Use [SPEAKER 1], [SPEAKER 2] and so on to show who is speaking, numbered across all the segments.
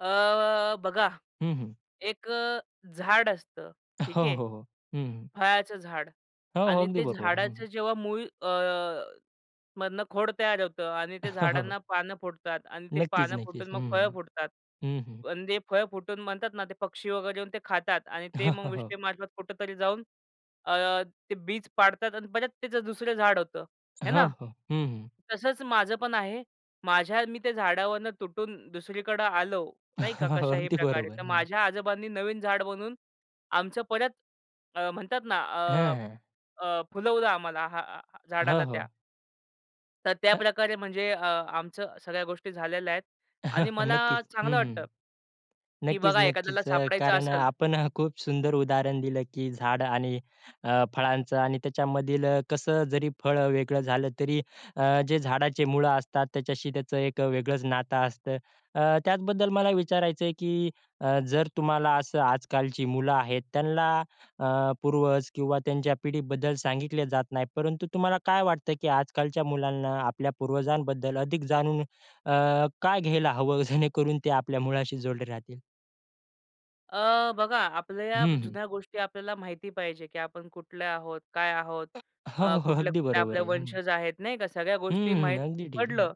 [SPEAKER 1] अ, बघा.
[SPEAKER 2] हं, हं.
[SPEAKER 1] एक अ, झाड असतं.
[SPEAKER 2] हो,
[SPEAKER 1] ठीक आहे.
[SPEAKER 2] हो. हं, हं.
[SPEAKER 1] फळाचं झाड
[SPEAKER 2] हो, हो.
[SPEAKER 1] आणि
[SPEAKER 2] अगदी
[SPEAKER 1] ते
[SPEAKER 2] बरोबर. हं.
[SPEAKER 1] झाडाचं जेव्हा मूळ अ, मधनं खोड तयार होतं आणि ते
[SPEAKER 2] हो.
[SPEAKER 1] झाडांना पानं फुटतात आणि ते पानं
[SPEAKER 2] नक्कीच-नक्कीच.
[SPEAKER 1] फुटून
[SPEAKER 2] हं,
[SPEAKER 1] मग फळं
[SPEAKER 2] हं.
[SPEAKER 1] फुटतात.
[SPEAKER 2] हं, हं.
[SPEAKER 1] पण जे फळं फुटून म्हणतात ना ते पक्षी वगैरे येऊन ते खातात आणि ते मग
[SPEAKER 2] हो.
[SPEAKER 1] विष्टेमार्फत कुठेतरी जाऊन अ, ते बीज पाडतात आणि परत त्याचं दुसरं झाड होतं, आहे
[SPEAKER 2] हो,
[SPEAKER 1] ना.
[SPEAKER 2] हो. हं, हं.
[SPEAKER 1] तसंच माझं पण आहे. माझ्या मी त्या झाडावरनं तुटून दुसरीकडे आलो नाही का? कशाही
[SPEAKER 2] अगदी
[SPEAKER 1] प्रकारे.
[SPEAKER 2] बरोबर.
[SPEAKER 1] तर
[SPEAKER 2] हं.
[SPEAKER 1] माझ्या आजोबांनी नवीन झाडं बनवून आमचं परत अ, म्हणतात ना,
[SPEAKER 2] हॅं.
[SPEAKER 1] अ,
[SPEAKER 2] हॅं.
[SPEAKER 1] अ, फुलवलं आम्हाला हां,
[SPEAKER 2] हं,
[SPEAKER 1] झाडाला त्या
[SPEAKER 2] हो.
[SPEAKER 1] तर त्या
[SPEAKER 2] हं.
[SPEAKER 1] प्रकारे म्हणजे अ, आमचं सगळ्या गोष्टी झालेल्या आहेत. आणि मला
[SPEAKER 2] नक्कीच. हं,
[SPEAKER 1] चांगलं
[SPEAKER 2] हं.
[SPEAKER 1] वाटतं. की बघा एखाद्याला
[SPEAKER 2] नक्कीच-नक्कीच. अ,
[SPEAKER 1] सापडायचं
[SPEAKER 2] कारण अ,
[SPEAKER 1] असेल.
[SPEAKER 2] आपण अ, खूप सुंदर उदाहरण दिलं की झाडं आणि अ, फळांचं आणि त्याच्यामधील अ, कसं अ, जरी फळं अ, वेगळं झालं, तरी अ, जे झाडाचे मूळं असतात त्याच्याशी त्याचं एक वेगळंच नातं असतं. अ, त्याचबद्दल मला विचारायचं आहे की अ, जर तुम्हाला असं आजकालची मुलं आहेत, त्यांना अ, पूर्वज किंवा त्यांच्या पिढीबद्दल सांगितले जात नाही. परंतु तुम्हाला काय वाटतं की आजकालच्या मुलांना आपल्या पूर्वजांबद्दल अधिक जाणून अ, का घ्यायला हवं, जेणेकरून ते आपल्या मुळाशी जोडले राहतील?
[SPEAKER 1] अ, बघा आपल्या या
[SPEAKER 2] हं, हं.
[SPEAKER 1] जुन्या गोष्टी आपल्याला माहिती पाहिजे की आपण कुठले आहोत? काय आहोत?
[SPEAKER 2] हो,
[SPEAKER 1] अ,
[SPEAKER 2] हो. अगदी
[SPEAKER 1] कुठल्या-कुठल्या
[SPEAKER 2] बरोबर
[SPEAKER 1] आपल्या
[SPEAKER 2] आहे. हं.
[SPEAKER 1] वंशज आहेत नाही का? सगळ्या गोष्टी
[SPEAKER 2] हम्म.
[SPEAKER 1] माहीत
[SPEAKER 2] अगदी ठीकचं आहे.
[SPEAKER 1] पडलं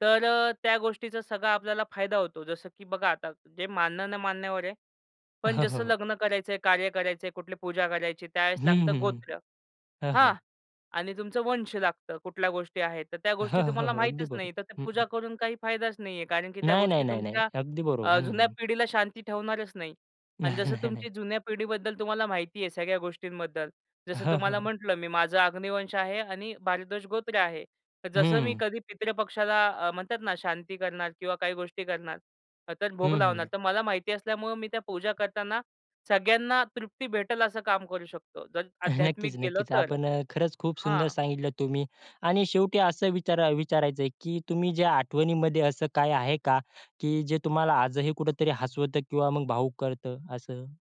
[SPEAKER 1] तर अ, त्या गोष्टीचा सगळा आपल्याला फायदा होतो. जसं की बघा आता जे मानणं-न-मानण्यावर आहे. पण
[SPEAKER 2] हो, हो,
[SPEAKER 1] जसं
[SPEAKER 2] हो,
[SPEAKER 1] लग्न करायचं आहे, कार्य करायचं आहे, कुठली पूजा करायची. त्यावेळेस
[SPEAKER 2] हम्म,
[SPEAKER 1] लागतं
[SPEAKER 2] हम्म.
[SPEAKER 1] गोत्र,
[SPEAKER 2] हं.
[SPEAKER 1] हां
[SPEAKER 2] हं.
[SPEAKER 1] आणि तुमचं वंश लागतं. कुठल्या गोष्टी आहेत, तर त्या
[SPEAKER 2] हो,
[SPEAKER 1] गोष्टी तुम्हाला
[SPEAKER 2] हो. अगदी
[SPEAKER 1] माहीतच
[SPEAKER 2] बरोबर.
[SPEAKER 1] नाही. तर ते
[SPEAKER 2] हं.
[SPEAKER 1] पूजा करून काही फायदाच नाही आहे, कारण की त्या
[SPEAKER 2] नाही. नाही.
[SPEAKER 1] गोष्टी
[SPEAKER 2] नाही. नाही.
[SPEAKER 1] तुमच्या
[SPEAKER 2] अगदी बरोबर.
[SPEAKER 1] अ, जुन्या
[SPEAKER 2] हं.
[SPEAKER 1] पिढीला शांती ठेवणारच नाही. आणि
[SPEAKER 2] नाही.
[SPEAKER 1] जसं
[SPEAKER 2] नाही. नाही.
[SPEAKER 1] तुमची जुन्या पिढीबद्दल तुम्हाला माहिती आहे सगळ्या गोष्टींबद्दल.
[SPEAKER 2] हं,
[SPEAKER 1] जसं
[SPEAKER 2] हं,
[SPEAKER 1] तुम्हाला
[SPEAKER 2] हं.
[SPEAKER 1] म्हटलं मी माझं अग्निवंश आहे आणि भारद्वाज गोत्र आहे. जसं मी
[SPEAKER 2] हम्म.
[SPEAKER 1] कधी पितृपक्षाला अ, म्हणतात ना शांती करणार किंवा काही गोष्टी करणार तर भोग
[SPEAKER 2] हं,
[SPEAKER 1] लावणार.
[SPEAKER 2] हं.
[SPEAKER 1] तर मला माहिती असल्यामुळं मी त्या पूजा करताना सगळ्यांना तृप्ती भेटेल असं काम करू शकतो. जर
[SPEAKER 2] नक्कीच,
[SPEAKER 1] आध्यात्मिक केलं
[SPEAKER 2] नक्कीच.
[SPEAKER 1] तर,
[SPEAKER 2] आपण अ, खरंच खूप सुंदर
[SPEAKER 1] हां.
[SPEAKER 2] सांगितलं तुम्ही आणि शेवटी असं विचारा विचारायचं आहे की तुम्ही ज्या आठवणीमध्ये असं काय आहे का, की जे तुम्हाला आजही कुठेतरी हसवतं किंवा मग भावूक करतं असं?